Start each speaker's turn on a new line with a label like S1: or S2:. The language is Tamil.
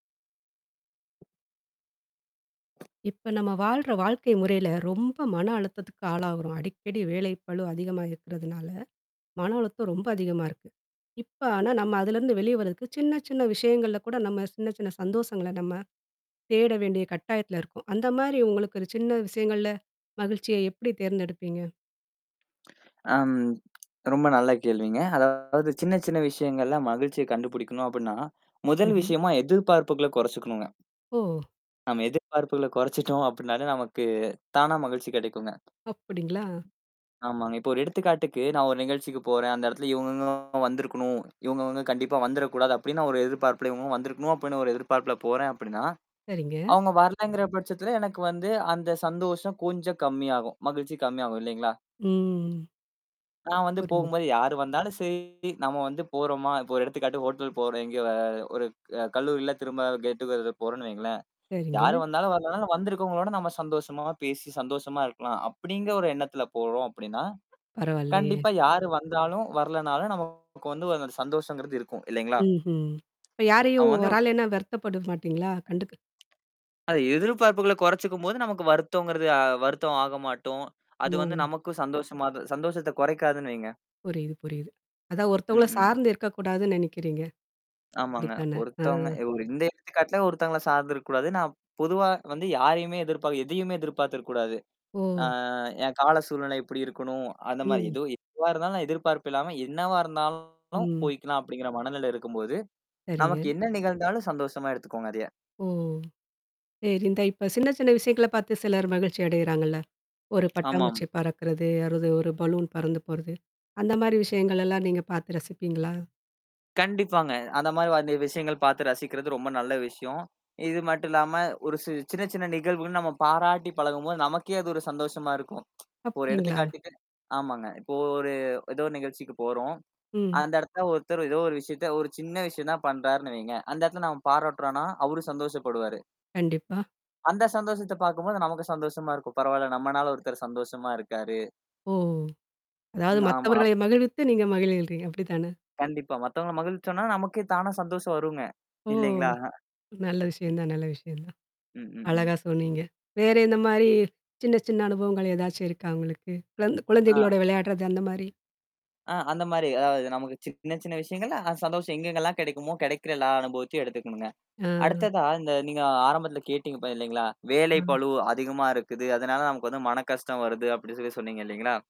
S1: இப்ப நம்ம வாழ்ற வாழ்க்கை முறையில ரொம்ப மன அழுத்தத்துக்கு ஆளாகுறோம். அடிக்கடி வேலைப்பளு அதிகமா இருக்கிறதுனால, மன அழுத்தம் ரொம்ப அதிகமா இருக்கு. இப்ப, ஆனா நம்ம அதுலருந்து வெளிய வர்றதுக்கு, சின்ன, சின்ன விஷயங்கள்ல கூட நம்ம சின்ன, சின்ன சந்தோஷங்கள நம்ம, தேட வேண்டிய கட்டாயத்ல இருக்கோம். அந்த மாரி உங்களுக்கு ஒரு சின்ன விஷயங்கள்ல? மகிழ்ச்சியே எப்படி தேர்ந்தெடுப்பீங்க?
S2: ஆம் ரொம்ப நல்ல கேள்விங்க. அதாவது சின்ன, சின்ன விஷயங்கள்ல மகிழ்ச்சிய கண்டுபிடிக்கணும் அப்படின்னா, முதல்
S1: ம்ஹம்.
S2: விஷயமா எதிர்பார்ப்புகள கொறைச்சுக்கணுங்க
S1: ஓ!
S2: நம்ம எதிர்பார்ப்புகள குறைச்சுட்டோம் அப்படினாலே, நமக்கு தானா மகிழ்ச்சி கிடைக்குங்க.
S1: அப்படிங்களா?
S2: ஆமாங்க. இப்போ, ஒரு எடுத்துக்காட்டுக்கு நான் 1 நிகழ்ச்சிக்கு போறேன். அந்த இடத்துல இவங்க வந்திருக்கணும். இவங்க வந்து கண்டிப்பா வந்தர கூடாது. அப்படின்னு, ந ஒரு எதிர்பார்ப்புலயும் வந்திருக்கணும், அப்படின்னு ஒரு எதிர்பார்ப்புல போறேன் அப்படின்னா,
S1: சரிங்க.
S2: அவங்க வரலங்கிற பட்சத்துல எனக்கு வந்து அந்த சந்தோஷம் கொஞ்சம் கம்மியாகும். மகிழ்ச்சி கம்மியாகும், இல்லைங்களா?
S1: ம்.
S2: நான் வந்து
S1: புரியுது.
S2: போகும்போது, யார் வந்தாலும் சேரி நம்ம வந்து போறோமா, இப்போ, ஒரு எடுத்துக்காட்டு, ஹோட்டல் போறோம் எங்கேயோ ஒரு ஒரு க கல்லூரில திரும்ப கெட் டு கெதர் போறோம் வைங்களேன். யாரு
S1: சரிங்க.
S2: வந்தாலும் வரனாலும், வந்திருக்கவங்களோட நம்ம சந்தோஷமா பேசி, சந்தோஷமா இருக்கலாம். அப்படிங்க ஒரு எண்ணத்தில போறோம் அப்படினா
S1: பரவால்லையே.
S2: கண்டிப்பா யாரு வந்தாலும், வரலனாலும் நமக்கு வந்து ஒரு சந்தோஷங்கிறது இருக்கும், இல்லைங்களா?
S1: ம்ஹ்ம். இப்ப, யாரையும்
S2: அவன் வந்து
S1: வரலைன்னா, வருத்தப்பட மாட்டீங்களா? கண்டுக்க
S2: அது எதிர்பார்ப்புகள கொறைச்சுக்கும்போது. நமக்கு வருத்தங்கிறது அ, வருத்தம் ஆகமாட்டோம். அது வந்து
S1: ஓ!
S2: நமக்கும் சந்தோஷமாது சந்தோஷத்த குறைக்காதுன்னு வைங்க.
S1: புரியுது, புரியுது. அதா
S2: ம்,
S1: ஒருத்தவங்கள
S2: ம்.
S1: சார்ந்து இருக்கக்கூடாதுன்னு நெனைக்கிறீங்க.
S2: ஆமாங்க.
S1: அப்படித்தானே. அ.
S2: ஒருத்தவங்க ஒரு இந்த எடுத்துக்காட்டுல ஒருத்தங்கள சார்ந்துருக்கூடாது. நான் பொதுவா வந்து, யாரையுேமே எதிர்பார் எதையுமே எதிர்பார்த்துருக்ககூடாது. ஆ
S1: ஓ!
S2: என் கால சூழ்நிலை எப்படி இருக்கணும்? அந்த மாரி
S1: ம்.
S2: எதோ எதுவா இருந்தாலும் எதிர்பார்ப்பு இல்லாம, என்னவா இருந்தாலும்
S1: ம்.
S2: போய்க்கலாம் அப்படிங்கிற மனநிலை இருக்கும்போது,
S1: சரிங்க.
S2: நமக்கு என்ன நிகழ்ந்தாலும் சந்தோஷமா எடுத்துக்கோங்க. அதைய.
S1: ஓ! சேரி இந்த இப்ப சின்ன, சின்ன விஷயங்கள பாத்து சிலர் மகிழ்ச்சி அடையிறாங்கல்ல? ஒரு
S2: ஆமாம்.
S1: பட்டாம்பூச்சி பறக்கறது, அதாவது ஒரு பலூன் பறந்து போறது. அந்த மாரி விஷயங்கள் எல்லாம் நீங்க பாத்து ரசிப்பீங்களா?
S2: கண்டிப்பாங்க. அந்த மாரி வந்த விஷயங்கள் பார்த்து ரசிக்கிறது ரொம்ப நல்ல விஷயம். இது மட்டும் இல்லாம, ஒரு சி சின்ன, சின்ன நிகழ்வுகள் நம்ம பாராட்டி பழகும்போது, நமக்கே அது ஒரு சந்தோஷமா இருக்கும் இப்ப, ஒரு
S1: அப்படிங்களா?
S2: எடுத்துக்காட்டுக்கு ஆமாங்க. இப்போ, ஒரு ஏதோ நிகழ்ச்சிக்கு போறோம்.
S1: ம்.
S2: அந்த இடத்தல ஒருத்தர் ஏதோ ஒரு விஷயத்த, ஒரு சின்ன விஷயம் தான் பண்றாருன்னு வைங்க. அந்த இடத்தல நாம பாராட்டுறம்னா, அவரும் சந்தோஷப்படுவாரு
S1: கண்டிப்பா.
S2: அந்த சந்தோஷத்த பாக்கும்போது, நமக்கு சந்தோஷமா இருக்கும். பரவால்ல. நம்மனால ஒருத்தர் சந்தோஷமா இருக்காரு.
S1: ஓ! அதாவது,
S2: ம். ஆமா அப்
S1: மத்தவர்களை மகிழ்வித்து நீங்க மகிழ்கிறீங்க. அப்படித்தான?
S2: கண்டிப்பா. மத்தவங்கள மகிழ்விச்சோம்னா, நமக்கே தானா சந்தோஷம் வருங்க.
S1: ஓ!
S2: இல்லைங்களா?
S1: நல்ல விஷயம் தான், நல்ல விஷயம் தான்.
S2: ம், ம், ம்.
S1: அழகா சொன்னீங்க. வேற எந்த மாரி சின்ன, சின்ன அனுபவங்கள் ஏதாச்சும் இருக்கா உங்களுக்கு? குழந்
S2: ஆ.
S1: குழந்தைகளோட வெளையாடுறது அந்த மாரி?
S2: ஆ, அந்த மாரி. அதாவது நமக்கு சின்ன, சின்ன விஷயங்கள்ல சந்தோஷம் எங்கங்கலாம் கெடைக்குமோ, கெடைக்கிற எல்லா அனுபவத்தையும் எடுத்துக்கணுங்க.
S1: ஆ. ஆ.
S2: அடுத்ததா இந்த நீங்க ஆரம்பத்தில கேட்டீங்க, பா இல்லைங்களா? வேலை
S1: அ.
S2: பளு அதிகமா இருக்குது. அதனால, நமக்கு வந்து மன கஷ்டம் வருது, அப்படின்னு சொல்லி சொன்னீங்க இல்லைங்களா?